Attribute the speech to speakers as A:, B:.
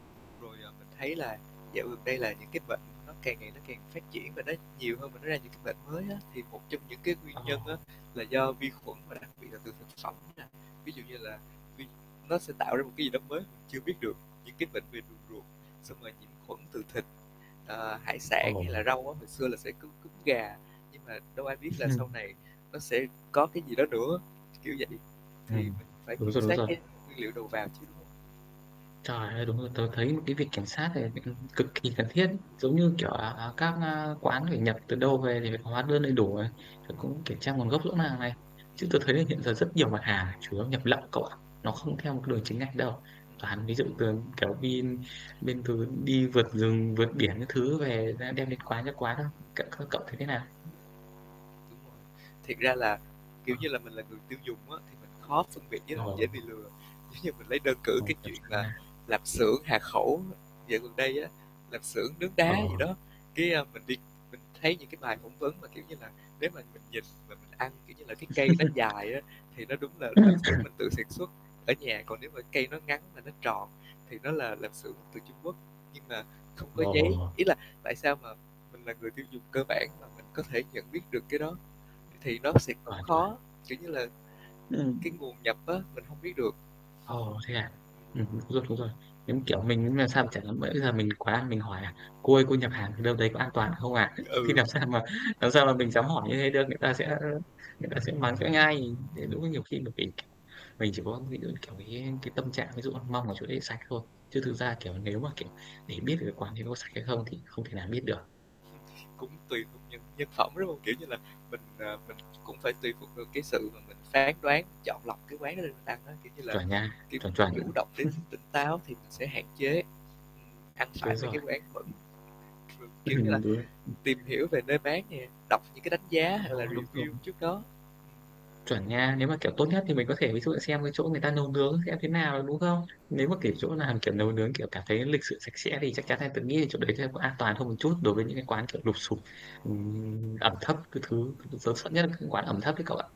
A: Rồi, à, mình thấy là dạo gần đây là những cái bệnh nó càng ngày nó càng phát triển, và nó nhiều hơn và nó ra những cái bệnh mới á. Thì một trong những cái nguyên
B: Ơ.
A: nhân á là do vi khuẩn, và đặc biệt là từ thực phẩm nè. Ví dụ như là vi nó sẽ tạo ra một cái gì đó mới, chưa biết được những cái bệnh về đường ruột, xong rồi nhiễm khuẩn từ thịt, à, hải sản
B: Ồ.
A: hay là rau á. Hồi xưa là sẽ có cúm gà, nhưng mà đâu ai biết là sau này nó sẽ có cái gì đó nữa, kiểu vậy. Thì
B: Ừm,
A: mình phải
B: đúng
A: kiểm
B: rồi, đúng
A: soát
B: rồi.
A: cái nguyên liệu đầu vào chứ, đúng hông?
B: Trời ơi, đúng rồi. Tớ thấy một cái việc kiểm soát này [unintelligible] cực kỳ cần thiết. Giống như kiểu, à, à, các, a, quán phải nhập từ đâu về thì phải có hóa đơn đầy đủ này, rồi cũng kiểm tra nguồn gốc rõ ràng này. Chứ tớ thấy là hiện giờ rất nhiều mặt hàng chủ yếu nhập lậu cậu ạ, nó không theo một đường chính ngạch đâu. Toàn ví dụ từ, kiểu, đi bên từ đi vượt rừng, vượt biển các thứ về đem đem đến quán cho quán không. Cậu, ơ, cậu thấy thế nào?
A: Thiệt ra là, kiểu
B: Ờ.
A: như là, mình là người tiêu dùng á, thì mình khó phân biệt với
B: Ờ.
A: lại dễ bị lừa. Giống như mình lấy đơn cử
B: Khâu
A: cái
B: kiểm
A: chuyện
B: soát
A: là
B: nà.
A: lạp xưởng Hà Khẩu dạo gần đây á, lạp xưởng nướng
B: Ờ.
A: đá gì đó. Cái, a, mình đi mình thấy những cái bài phỏng vấn mà, kiểu như là, nếu mà mình nhìn và mình ăn, kiểu như là, cây nó dài á, thì nó đúng là lạp xưởng
B: Ưm.
A: mình tự sản xuất ở nhà, còn nếu mà cây nó ngắn mà nó tròn thì nó là lạp xưởng từ Trung Quốc nhưng mà không có giấy.
B: Ồ.
A: Ý là, tại sao mà mình là người tiêu dùng cơ bản mà mình có thể nhận biết được cái đó. Thì thì nó sẽ cũng
B: Chuẩn chuẩn.
A: khó, kiểu như là, cái
B: Ừm.
A: nguồn nhập á, mình hông biết được.
B: Ồ, thế à? Ừm, đúng rồi, đúng rồi. Giống, kiểu, mình [unintelligible] sao mà chả dám bữa bây giờ mình quá mình hỏi là: "Cô ơi, cô nhập hàng ở đâu đấy có an toàn không ạ?" Thì
A: Ừ.
B: làm sao mà làm sao mà mình dám hỏi như thế được? Người ta sẽ ơ, người ta sẽ mắng cho ngay. Ơ, đúng là nhiều khi bởi vì mình chỉ có ví dụ như, kiểu, cái cái tâm trạng ví dụ, ơ, mong ở chỗ đấy sạch thôi. Chứ thực ra, kiểu, nếu mà, kiểu, để biết được cái quán đấy nó có sạch hay không thì không thể nào biết được.
A: Cũng tùy thuộc nhân nhân phẩm, đúng hông? Kiểu như là, mình, à, mình cũng phải tùy thuộc được cái sự mà mình phán đoán, chọn lọc cái quán đó để mình ăn á. Kiểu như là,
B: Chuẩn nha,
A: kiểu,
B: chuẩn,
A: mình
B: chuẩn.
A: chủ động để mình tỉnh táo thì mình sẽ hạn chế, ừm, ăn
B: Đúng
A: phải mấy
B: rồi.
A: cái quán bẩn. Ừm, kiểu như là,
B: Ừm, đúng rồi.
A: tìm hiểu về nơi bán nè, đọc những cái đánh giá hoặc là
B: Ồ, đúng rồi.
A: review trước đó.
B: Chuẩn nha. Nếu mà, kiểu, tốt nhất thì mình có thể ví dụ xem cái chỗ người ta nấu nướng xem thế nào, đúng không?
A: Ờ.
B: Nếu mà, kiểu, chỗ nào, kiểu, nấu nướng, kiểu, cảm thấy lịch sự sạch sẽ thì chắc chắn là tớ nghĩ là chỗ đấy chắc có an toàn hơn một chút đối với những cái quán, kiểu, lụp xụp, ừm, ẩm thấp các thứ. [unintelligible] Tớ sợ nhất các quán ẩm thấp ấy cậu ạ.